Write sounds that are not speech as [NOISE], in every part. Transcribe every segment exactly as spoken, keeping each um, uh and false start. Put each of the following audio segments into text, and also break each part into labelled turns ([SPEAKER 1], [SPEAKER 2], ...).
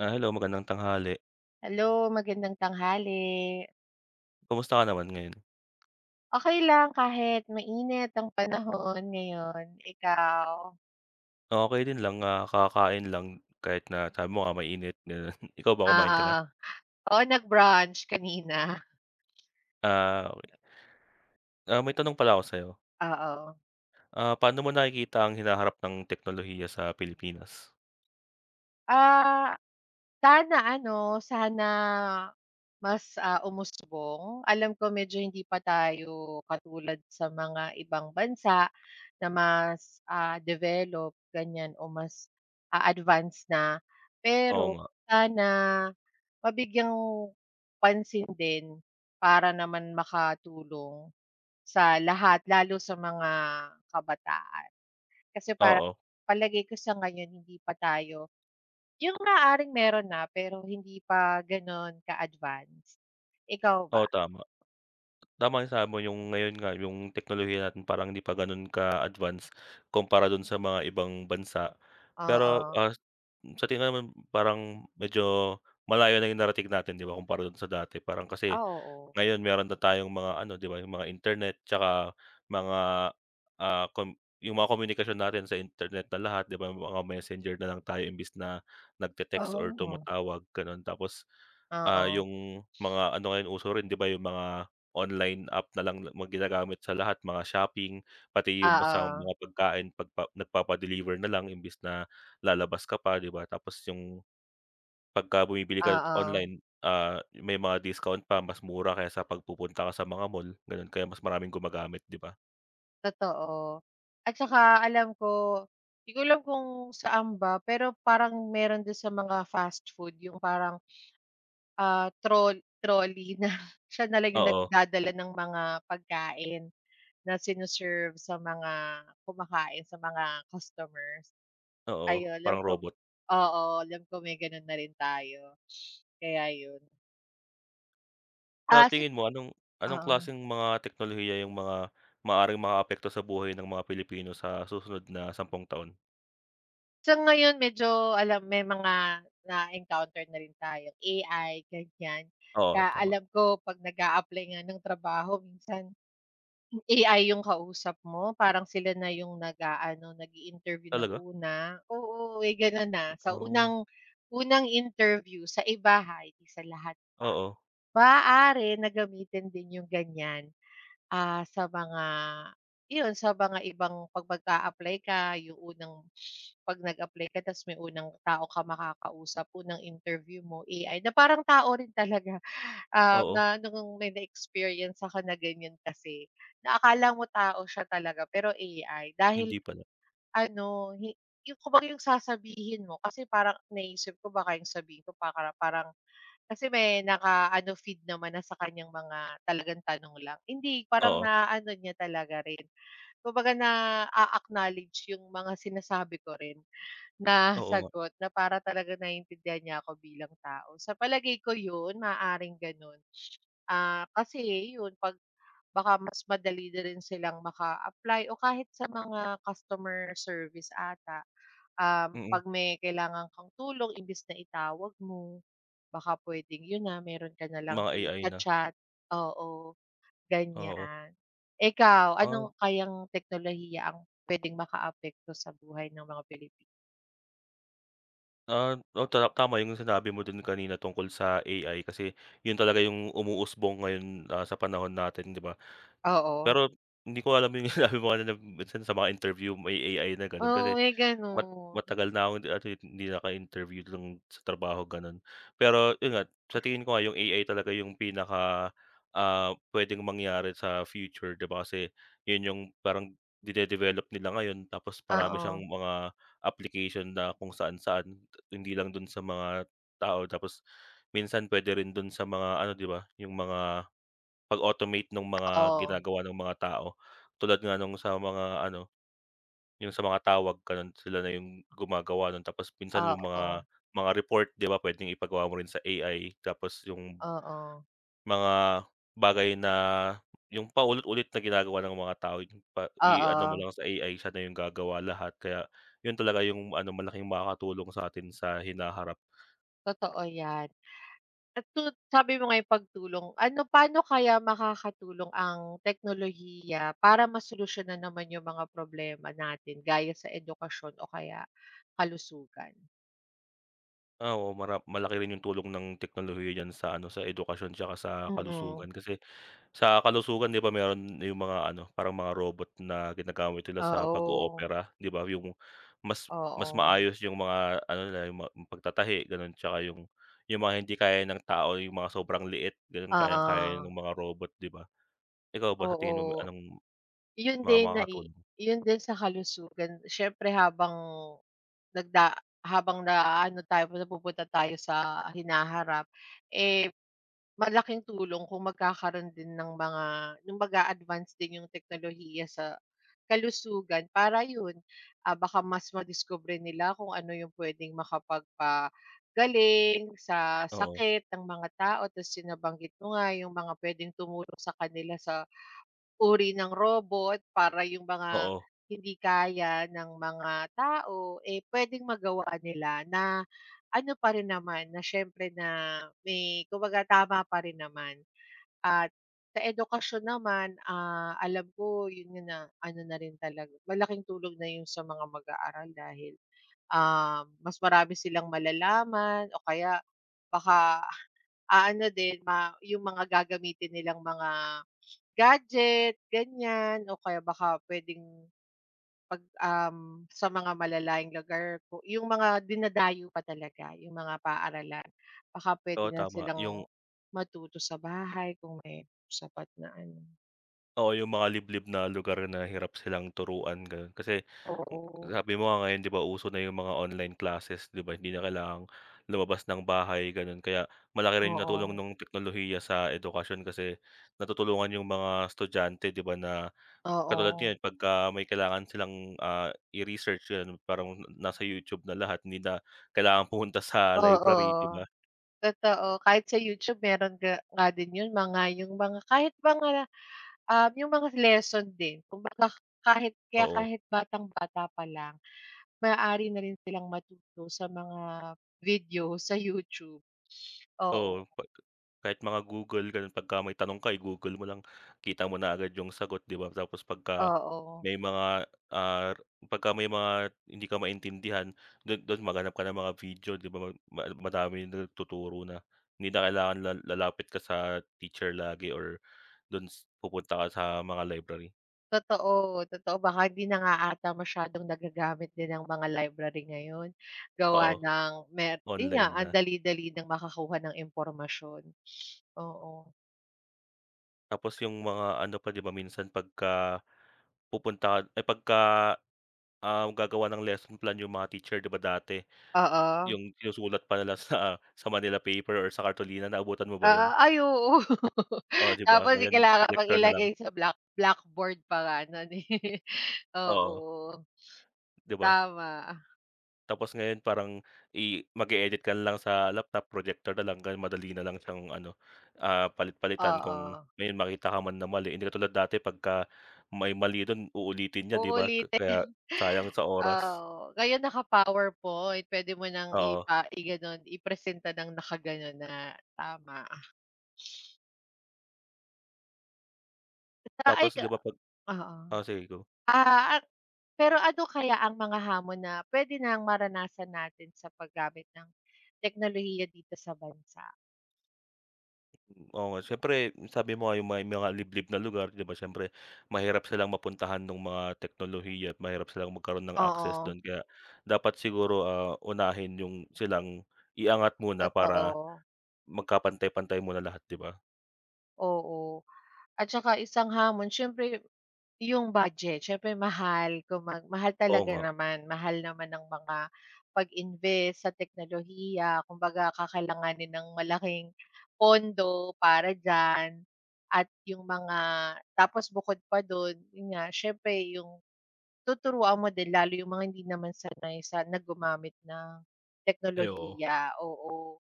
[SPEAKER 1] Ah, hello magandang tanghali.
[SPEAKER 2] Hello, magandang tanghali.
[SPEAKER 1] Kamusta ka naman ngayon?
[SPEAKER 2] Okay lang kahit mainit ang panahon ngayon. Ikaw?
[SPEAKER 1] Okey din lang, ah, kakain lang. Kahit na sabi mo nga mainit ganun. Ikaw ba, kumain ka na?
[SPEAKER 2] Oo. Oo, nag-brunch kanina.
[SPEAKER 1] Ah, okey. Ah, may tanong pala ako sa’yo.
[SPEAKER 2] Oo.
[SPEAKER 1] Ah, paano mo nakikita ang hinaharap ng teknolohiya sa Pilipinas?
[SPEAKER 2] Ah, sana ano sana mas ah, umusbong. Alam ko medyo hindi pa tayo katulad sa mga ibang bansa na mas ah, develop ganyan o mas a-advance na.
[SPEAKER 1] Oo
[SPEAKER 2] Pero
[SPEAKER 1] nga.
[SPEAKER 2] sana mabigyang pansin din para naman makatulong sa lahat lalo sa mga kabataan. Kasi para
[SPEAKER 1] Oo.
[SPEAKER 2] palagay ko sa ngayon hindi pa tayo yung maaaring meron na pero hindi pa ganun ka advance. Ikaw
[SPEAKER 1] Oo,
[SPEAKER 2] ba?
[SPEAKER 1] tama. Tama yung sabi mo, yung ngayon nga, yung teknolohiya natin parang ‘di pa ganun ka-advance kumpara dun sa mga ibang bansa. Pero,
[SPEAKER 2] Oo.
[SPEAKER 1] ah, sa tingin naman parang medyo malayo na yung narating natin ‘di ba kumpara dun sa dati. Parang kasi
[SPEAKER 2] Ah, oo.
[SPEAKER 1] ngayon, meron na tayong mga ano ‘di ba, yung mga internet tsaka mga, ah, kom yung mga komunikasyon natin sa internet na lahat, ‘di ba? Mga Messenger nalang tayo imbis na nagte-text or
[SPEAKER 2] Oo.
[SPEAKER 1] tumatawag gano’n tapos, ah,
[SPEAKER 2] Oo.
[SPEAKER 1] yung mga ano ngayon, uso rin ‘di ba, yung mga online app na lang ginagamit sa lahat, mga shopping, pati yung
[SPEAKER 2] Oo.
[SPEAKER 1] mga pagkain pagpa nagpapa-deliver nalang imbes na lalabas ka pa, ‘di ba. Tapos yung, pagka bumibili ka
[SPEAKER 2] Oo.
[SPEAKER 1] online, ah, may mga discount pa mas mura kaysa sa ‘pag pupunta ka sa mga mall ganun, kaya mas maraming gumagamit ‘di ba?
[SPEAKER 2] Totoo at 'tsaka alam ko, 'di ko alam kung saan ba, pero parang meron din sa mga fast food yung parang, [SNIFFS] ah, trol trolley na siya na lang yung
[SPEAKER 1] Oo.
[SPEAKER 2] nagdadala ng mga pagkain na sine-serve sa mga kumakain, sa mga customers,
[SPEAKER 1] Oo,
[SPEAKER 2] ayu 'lam
[SPEAKER 1] parang
[SPEAKER 2] ko
[SPEAKER 1] robot.
[SPEAKER 2] oo, alam ko may ganun na rin tayo, [SNIFFS] kaya yun.
[SPEAKER 1] Sa
[SPEAKER 2] Ah, sik
[SPEAKER 1] tingin mo anong, anong
[SPEAKER 2] Oo.
[SPEAKER 1] klaseng mga teknolohiya yung mga maaaring makaapekto sa buhay ng mga Pilipino sa susunod na sampung taon?
[SPEAKER 2] Sa ngayon, medyo alam may mga na-encounter na rin tayo A-I gan'yan.
[SPEAKER 1] Oo,
[SPEAKER 2] Ka
[SPEAKER 1] tama.
[SPEAKER 2] alam ko pag nag-apply nga ng trabaho minsan, A-I yung kausap mo parang sila na yung nag aano, nag-i-interview ng
[SPEAKER 1] Talaga.
[SPEAKER 2] una. Oo, may gano'n na sa
[SPEAKER 1] Oo.
[SPEAKER 2] unang, unang interview sa iba ha? Hindi sa lahat pa,
[SPEAKER 1] Oo.
[SPEAKER 2] maaari na gamitin din yung gan'yan. Ah, sa mga 'yon, sa mga ibang pag mag-apply ka, yung unang, [SNIFFS] 'pag nag-apply ka tapos may unang tao ka makakausap, unang interview mo A-I na parang tao rin talaga. Um,
[SPEAKER 1] Oo.
[SPEAKER 2] na nung may na-experience ako na gan'yan kasi, na akala mo tao siya talaga pero A-I
[SPEAKER 1] Hindi
[SPEAKER 2] dahil
[SPEAKER 1] pala.
[SPEAKER 2] ano, hi yung kumbaga yung sasabihin mo kasi parang naiisip ko baka yung sabihin ko paka parang kasi may na ka ano, feed naman na sa kanyang mga talagang tanong lang. Hindi parang
[SPEAKER 1] Oo.
[SPEAKER 2] naano niya talaga rin. Kung baga naa-acknowledge yung mga sinasabi ko rin na
[SPEAKER 1] Oo nga.
[SPEAKER 2] sagot na para talaga naiintindihan niya ako bilang tao. Sa palagay ko yun, maaaring gano'n. [SNIFFS] Ah, kasi ayun 'pag baka mas madali na rin silang maka-apply o kahit sa mga customer service ata. Um,
[SPEAKER 1] Mm.
[SPEAKER 2] 'pag may kailangan kang tulong imbis na itawag mo, baka pwedeng yun na, meron ka na lang
[SPEAKER 1] Mga A-I na.
[SPEAKER 2] i-cha-chat. Oo,
[SPEAKER 1] Oo.
[SPEAKER 2] ganyan. Ikaw,
[SPEAKER 1] Ah.
[SPEAKER 2] ano kayang teknolohiya ang pwedeng makaapekto sa buhay ng mga Pilipino?
[SPEAKER 1] Ah, oh ta tama yung sinabi mo do'n kanina tungkol sa A-I kasi yun talaga yung umuusbong ngayon, ah, sa panahon natin 'di ba?
[SPEAKER 2] Oo.
[SPEAKER 1] Pero hindi ko alam yung sinabi mo kanina minsan sa mga interview may A-I na gano'n
[SPEAKER 2] Oo,
[SPEAKER 1] kasi
[SPEAKER 2] may
[SPEAKER 1] mat
[SPEAKER 2] ganun.
[SPEAKER 1] matagal na ako [UNINTELLIGIBLE] hindi naka-interview dun sa trabaho ganon. Pero yun nga, sa tingin ko nga yung A-I talaga yung pinaka, ah, pwedeng mangyari sa future 'di ba, kasi yun yung parang dine-develop nila ngayon tapos marami siyang
[SPEAKER 2] Oo.
[SPEAKER 1] mga application na kung saan-saan, hindi lang dun sa mga tao, tapos minsan pwede rin dun sa mga ano 'di ba, yung mga pag-automate nung mga
[SPEAKER 2] Oo.
[SPEAKER 1] ginagawa ng mga tao, tulad nga nung sa mga ano, yung sa mga tawag ganun sila na yung gumagawa nun, tapos minsan yung mga
[SPEAKER 2] Oo.
[SPEAKER 1] mga report 'di ba pwedeng ipagawa mo rin sa A-I tapos yung
[SPEAKER 2] Oo.
[SPEAKER 1] mga bagay na yung paulit-ulit na ginagawa ng mga tao pa i-ano mo
[SPEAKER 2] Oo.
[SPEAKER 1] lang sa A-I siya na yung gagawa lahat, kaya yun talaga yung ano malaking makakatulong sa atin sa hinaharap.
[SPEAKER 2] Totoo 'yan. At tut sabi mo nga yung pagtulong, ano pa'no kaya makakatulong ang teknolohiya para masolusyonan naman yung mga problema natin gaya sa edukasyon o kaya kalusugan?
[SPEAKER 1] Ah, oo, mara malaki rin yung tulong ng teknolohiya diyan sa ano, sa edukasyon tsaka sa
[SPEAKER 2] Oo.
[SPEAKER 1] kalusugan, kasi sa kalusugan ‘di ba meron yung mga ano parang mga robot na ginagamit nila sa
[SPEAKER 2] Oo.
[SPEAKER 1] pag-oopera 'di ba, yung mas mas
[SPEAKER 2] Oo.
[SPEAKER 1] maayos yung mga ano nila, yung ma pagtatahi ganun tsaka yung yung mga hindi kaya ng tao, yung mga sobrang liit gano'n, kayang kaya
[SPEAKER 2] Oo.
[SPEAKER 1] ng mga robot, 'di ba. Ikaw ba, sa tingin mo
[SPEAKER 2] Oo.
[SPEAKER 1] anong
[SPEAKER 2] Yun
[SPEAKER 1] mga
[SPEAKER 2] din nai
[SPEAKER 1] makakaton
[SPEAKER 2] yun din sa kalusugan syempre habang nagda habang naano tayo, napupunta tayo sa hinaharap, eh, malaking tulong kung magkakaroon din ng mga yung mag-aadvance din yung teknolohiya sa kalusugan para yun, ah, baka mas madiskubre nila kung ano yung pwedeng makapagpagaling sa
[SPEAKER 1] Oo.
[SPEAKER 2] sakit ng mga tao, ta’s yung nabanggit mo nga, yung mga pwedeng tumulong sa kanila sa, uri ng robot para yung mga
[SPEAKER 1] Oo.
[SPEAKER 2] hindi kaya ng mga tao, eh, pwedeng magawa nila na ano pa rin naman, na syempre na may kumbaga tama parin naman. At sa edukasyon naman, ah, alam ko yun yung na ano na rin talaga, malaking tulong na yun sa mga mag-aaral dahil, ah, mas marami silang malalaman o kaya baka, ah, ano din ma yung mga gagamitin nilang mga gadget ganiyan o kaya baka pwedeng, ‘pag, um, sa mga malalayong lugar ko yung mga dinadayo pa talaga yung mga paaralan, baka
[SPEAKER 1] Oo,
[SPEAKER 2] pwede na
[SPEAKER 1] tama.
[SPEAKER 2] silang
[SPEAKER 1] Yung
[SPEAKER 2] matuto sa bahay kung may sapat na ano.
[SPEAKER 1] Oo, yung mga liblib na lugar na hirap silang turuan gano’n, kasi
[SPEAKER 2] Oo.
[SPEAKER 1] sabi mo nga ngayon 'di ba, uso na yung mga online classes 'di ba, hindi na kailangang lumabas ng bahay ganun, kaya malaki rin yung natulong
[SPEAKER 2] Oo.
[SPEAKER 1] nung teknolohiya sa edukasyon kasi natutulungan yung mga estudyante 'di ba, na katulad
[SPEAKER 2] Oo.
[SPEAKER 1] ngayon pagka may kailangan silang, ah, i-research, yun parang nasa YouTube na lahat, hindi na kailangan pumunta sa
[SPEAKER 2] Oo.
[SPEAKER 1] library 'di ba?
[SPEAKER 2] Totoo, kahit sa YouTube meron ga nga din yun, mga yung mga kahit mga, um, yung mga lesson din kumbaga, kahit kaya
[SPEAKER 1] Oo.
[SPEAKER 2] kahit batang-bata pa lang maaari na rin silang matuto sa mga video sa YouTube,
[SPEAKER 1] Oo,
[SPEAKER 2] oo.
[SPEAKER 1] pa kahit mga Google ganun pagka may tanong ka, i-Google mo lang kita mo na agad yung sagot 'di ba, tapos pagka
[SPEAKER 2] Oo.
[SPEAKER 1] may mga, ah, pagka may mga hindi ka maintindihan dun dun maghanap ka ng mga video 'di ba, ma ma madaming nagtuturo na hindi na kailangan la lalapit ka sa teacher lagi or dun s pupunta ka sa mga library.
[SPEAKER 2] Totoo, totoo baka 'di na nga ata masyadong nagagamit din ang mga library ngayon gawa
[SPEAKER 1] Oo.
[SPEAKER 2] ng mer 'yon nga
[SPEAKER 1] Online
[SPEAKER 2] ang
[SPEAKER 1] na.
[SPEAKER 2] dali-dali nang makakuha ng impormasyon [SNIFFS] oo.
[SPEAKER 1] Tapos yung mga ano pa 'di ba minsan pagka, pupunta ka ay pagka, ah, gagawa ng lesson plan yung mga teacher 'di ba dati,
[SPEAKER 2] Oo.
[SPEAKER 1] yung yung sulat pa nila sa sa manila paper or sa kartolina, naabutan mo ba
[SPEAKER 2] Oo,
[SPEAKER 1] yun?
[SPEAKER 2] ay, oo. [CHUCKLES]
[SPEAKER 1] Oo, 'di ba
[SPEAKER 2] Tapos
[SPEAKER 1] ngayon
[SPEAKER 2] kailangan pang
[SPEAKER 1] projector na lang.
[SPEAKER 2] ilagay sa black blackboard pa nga nun, eh.
[SPEAKER 1] Oo.
[SPEAKER 2] Oo.
[SPEAKER 1] 'Di ba?
[SPEAKER 2] Tama.
[SPEAKER 1] Tapos ngayon, parang i mag-e-edit ka na lang sa laptop, projector na lang dahil madali na lang siyang ano, ah, palit-palitan kung
[SPEAKER 2] Oo.
[SPEAKER 1] may makita ka man na mali, hindi katulad dati pagka may mali dun uulitin niya 'di ba, ka kaya,
[SPEAKER 2] Uulitin.
[SPEAKER 1] sayang
[SPEAKER 2] [CHUCKLES]
[SPEAKER 1] sa oras.
[SPEAKER 2] Oo, ngayon, naka-PowerPoint, pwede mo nang
[SPEAKER 1] Oo.
[SPEAKER 2] ipa i-gano'n, i-presenta ng naka-gano'n na tama, ah. [SNIFFS]
[SPEAKER 1] Tapos 'di ba
[SPEAKER 2] [UNINTELLIGIBLE]
[SPEAKER 1] pag
[SPEAKER 2] Oo.
[SPEAKER 1] o sige, go.
[SPEAKER 2] Ah, ak pero, ano kaya ang mga hamon na pwede nang maranasan natin sa paggamit ng teknolohiya dito sa bansa?
[SPEAKER 1] Hmm, oo nga, siyempre, sabi mo nga, yung may mga liblib na lugar, di ba, siyempre, mahirap silang mapuntahan nung mga teknolohiya at mahirap silang magkaroon ng access
[SPEAKER 2] Oo.
[SPEAKER 1] dun, kaya dapat siguro, ah, unahin yung silang i-angat muna para
[SPEAKER 2] Totoo.
[SPEAKER 1] magkapantay-pantay muna lahat, di ba?
[SPEAKER 2] Oo. At tsaka isang hamon, siyempre yu yung budget. Siyempre, mahal kung mag mahal
[SPEAKER 1] Oo
[SPEAKER 2] talaga
[SPEAKER 1] nga.
[SPEAKER 2] naman, mahal naman ang mga pag-invest sa teknolohiya. Kumbaga, kakailanganin ng malaking pondo para diyan, at yung mga tapos, bukod pa dun, yun nga, siyempre, yung tuturuan mo din, lalo yung mga hindi naman sanay sa na gumamit ng
[SPEAKER 1] Ay, oo.
[SPEAKER 2] teknolohiya, oo.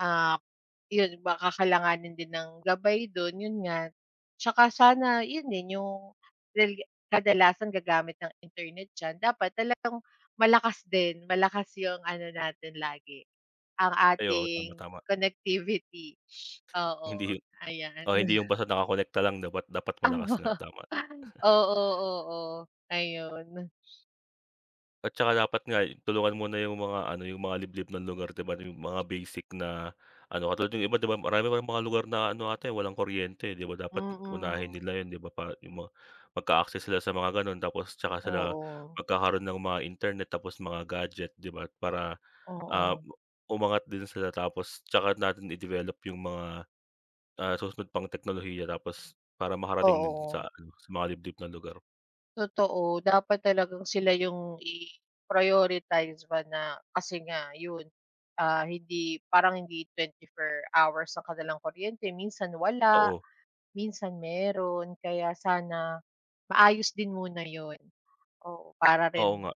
[SPEAKER 2] Ah, yun, baka kakailanganin din ng gabay dun, yun nga, tsaka sana yun din yung dahil nga, kadalasang gagamit ng internet diyan, dapat talagang malakas din, malakas yung ano natin lagi, ang
[SPEAKER 1] Ay, oo, tama,
[SPEAKER 2] ating
[SPEAKER 1] tama.
[SPEAKER 2] connectivity.
[SPEAKER 1] Hindi.
[SPEAKER 2] Oo, ayan.
[SPEAKER 1] Oo,
[SPEAKER 2] We
[SPEAKER 1] hindi yung basta nakakonekta lang, dapat dapat malakas
[SPEAKER 2] Aba,
[SPEAKER 1] nga, tama.
[SPEAKER 2] ay.
[SPEAKER 1] [CHUCKLES]
[SPEAKER 2] Oo. oo, ayun.
[SPEAKER 1] At tsaka dapat nga'y tulungan muna yung mga ano, yung mga liblib na lugar ‘di ba, yung mga basic na ano, katulad yung iba ‘di ba marami pang mga lugar na ano ata walang kuryente, ‘di ba dapat unahin
[SPEAKER 2] Mm.
[SPEAKER 1] nila ‘yan 'di ba pa yung mga magka-access sila sa mga gano’n, tapos tsaka sila
[SPEAKER 2] Oo.
[SPEAKER 1] magkakaroon ng mga internet, tapos mga gadget 'di ba para, ah,
[SPEAKER 2] Oo.
[SPEAKER 1] umangat din sila tapos tsaka natin i-develop yung mga, ah, susunod pang teknolohiya tapos para makarating din sa
[SPEAKER 2] Oo.
[SPEAKER 1] ano, sa mga liblib na lugar.
[SPEAKER 2] Totoo, dapat talagang sila yung i-prioritize ba na kasi nga yun, ah, hindi parang, hindi twenty four hours ang kanilang kuryente, minsan wala,
[SPEAKER 1] Oo.
[SPEAKER 2] minsan meron. Kaya sana maayos din muna yun. Oo, para rin
[SPEAKER 1] Oo nga.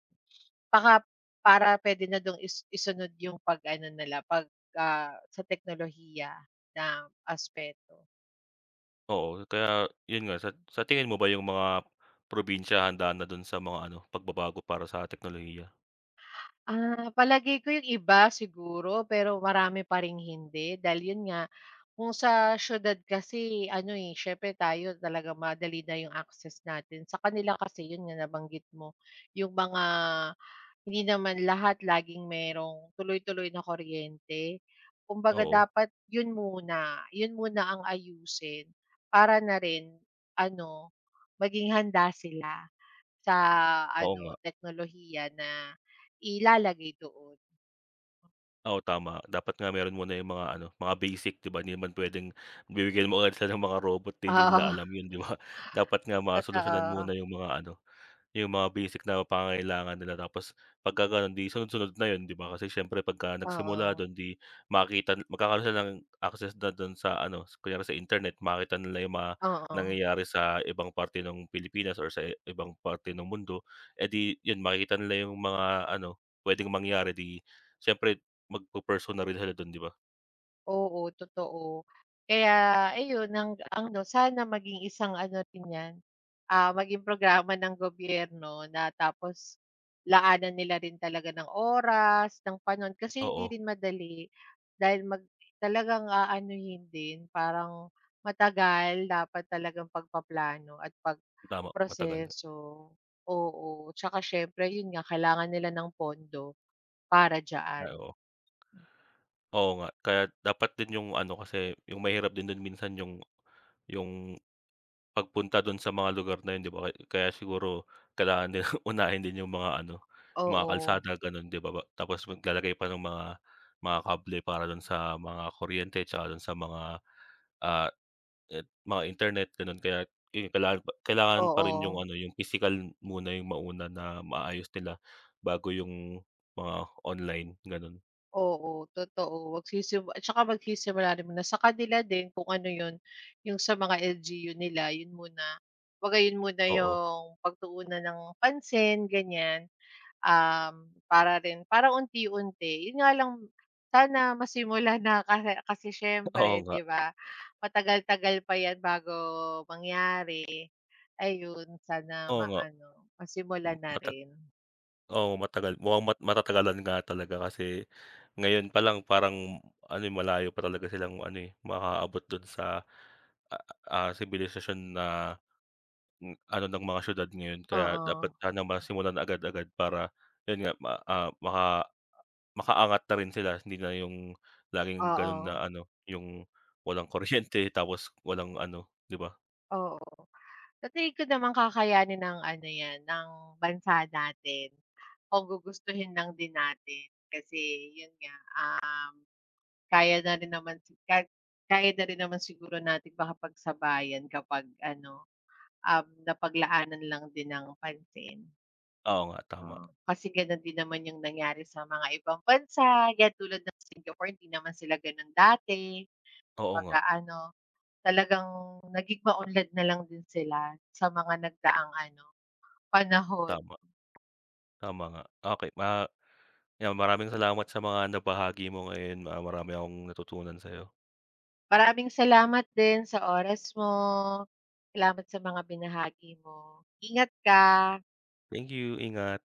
[SPEAKER 2] baka para pwede na dun is isunod yung pag-ano nila pag, ah, sa teknolohiya na aspeto.
[SPEAKER 1] Oo, kaya, yun nga sa sa tingin mo ba yung mga probinsiya handa na dun sa mga ano, pagbabago para sa teknolohiya?
[SPEAKER 2] Ah, palagay ko 'yong iba siguro, pero marami pa ring hindi dahil 'yon nga kung sa siyudad kasi ano, eh, siyempre tayo talagang madali na 'yong access natin. Sa kanila kasi 'yon nga nabanggit mo 'yong mga hindi naman lahat laging merong tuloy-tuloy na kuryente, kumbaga
[SPEAKER 1] Oo.
[SPEAKER 2] dapat yun muna yun muna ang ayusin para na rin ano, maging handa sila sa
[SPEAKER 1] Oo
[SPEAKER 2] ano
[SPEAKER 1] nga.
[SPEAKER 2] teknolohiya na ilalagay doon.
[SPEAKER 1] Oo, tama dapat nga meron muna yung mga ano mga basic, 'di ba? Hindi naman pwedeng bibigyan mo ng mga robot 'di hindi nila
[SPEAKER 2] Oo.
[SPEAKER 1] alam yun, 'di ba? [SCOFFS] Dapat nga masolusyunan muna
[SPEAKER 2] Totoo.
[SPEAKER 1] yung mga ano, yung mga basic na pangangailangan nila tapos pagka gano'n 'di sunod-sunod na yun, 'di ba? Kasi syempre pag nagsimula
[SPEAKER 2] Oo.
[SPEAKER 1] dun, 'di makita magkakaro'n ng access na dun sa ano, kunyari sa internet makakita nila yung mga
[SPEAKER 2] Oo.
[SPEAKER 1] nangyayari sa ibang parte ng Pilipinas or sa ibang parte ng mundo, eh, 'di yun makikita nila yung mga ano pwedeng mangyari 'di siyempre magpu-pursue na rin sila dun, 'di ba?
[SPEAKER 2] Oo, totoo. Kaya ayun, ang ang ano sana maging isang ano rin 'yan, ah, maging programa ng gobyerno na tapos laanan nila rin talaga ng oras, ng panahon kasi hindi
[SPEAKER 1] Oo.
[SPEAKER 2] rin madali dahil mag talagang aanuhin din. Parang matagal, dapat talagang pagpaplano at
[SPEAKER 1] Tama, matagal nga.
[SPEAKER 2] pagproseso. Oo, tsaka siyempre, 'yon nga, kailangan nila ng pondo para
[SPEAKER 1] Ay,
[SPEAKER 2] diyan.
[SPEAKER 1] oo. Oo nga. Kaya't dapat din yung ano kasi yung mahirap din dun, minsan yung yung pagpunta dun sa mga lugar na yun, 'di ba. K kaya siguro kailangan din [CHUCKLES] unahin din yung mga ano, yung mga
[SPEAKER 2] Oo.
[SPEAKER 1] kalsada gano'n 'di ba ba tapos maglalagay pa ng mga mga kable para dun sa mga kuryente, tsaka dun sa mga, ah, it mga internet gano'n kaya't in kaila pa kailangan pa rin yung
[SPEAKER 2] Oo.
[SPEAKER 1] ano, yung pisikal muna yung mauna na maayos nila, bago yung mga online, gano'n.
[SPEAKER 2] Oo, totoo, magsisim at tsaka magsisimula rin muna sa kanila din kung ano 'yon, 'yong sa mga L-G-U nila, yun muna. Kumbaga yun muna
[SPEAKER 1] Oo.
[SPEAKER 2] 'yong pagtuunan ng pansin ganiyan, um, para rin para unti-unti. Yun nga lang sana masimulan na, kasi kasi
[SPEAKER 1] Oo
[SPEAKER 2] siyempre
[SPEAKER 1] nga.
[SPEAKER 2] 'di ba, matagal-tagal pa 'yan bago mangyari, ayun sana
[SPEAKER 1] Oo nga.
[SPEAKER 2] maano,
[SPEAKER 1] M
[SPEAKER 2] masimulan na
[SPEAKER 1] matat
[SPEAKER 2] rin.
[SPEAKER 1] oo, matagal mukhang mat matatagalan nga talaga kasi ngayon pa lang, parang, m ano, eh, malayo pa talaga silang ano, eh, makaabot dun sa, a ah, sibilisasyon na m ano ng mga siyudad ngayon. Kaya dapat
[SPEAKER 2] Oo.
[SPEAKER 1] sana masimulan agad-agad para yun nga, ma ah, maka makaangat na rin sila, hindi na yung laging ganun
[SPEAKER 2] Oo.
[SPEAKER 1] na ano, yung walang kuryente tapos walang ano, 'di ba?
[SPEAKER 2] Oo, sa tingin ko naman kakayanin ng ano 'yan, ng bansa natin kung gugustuhin lang din natin, kasi yun nga, um, kaya na rin naman, kahit kaya na rin naman siguro natin makapagsabayan kapag ano, um, napaglaanan lang din ng pansin.
[SPEAKER 1] Oo nga, tama.
[SPEAKER 2] Oo, kasi ganun din naman yung nangyari sa mga ibang bansa, 'yan tulad ng Singapore, hindi naman sila ganun dati.
[SPEAKER 1] Oo nga.
[SPEAKER 2] Pagka ano, talagang naging maunlad na lang din sila, sa mga nagdaang ano, panahon.
[SPEAKER 1] Tama. Tama nga. Okey ma 'yan maraming salamat sa mga nabahagi mo ngayon. Ah, marami akong natutunan sa'yo.
[SPEAKER 2] Maraming salamat din sa oras mo. Salamat sa mga binahagi mo, ingat
[SPEAKER 1] [UNINTELLIGIBLE]
[SPEAKER 2] ka.
[SPEAKER 1] Thank you. Ingat.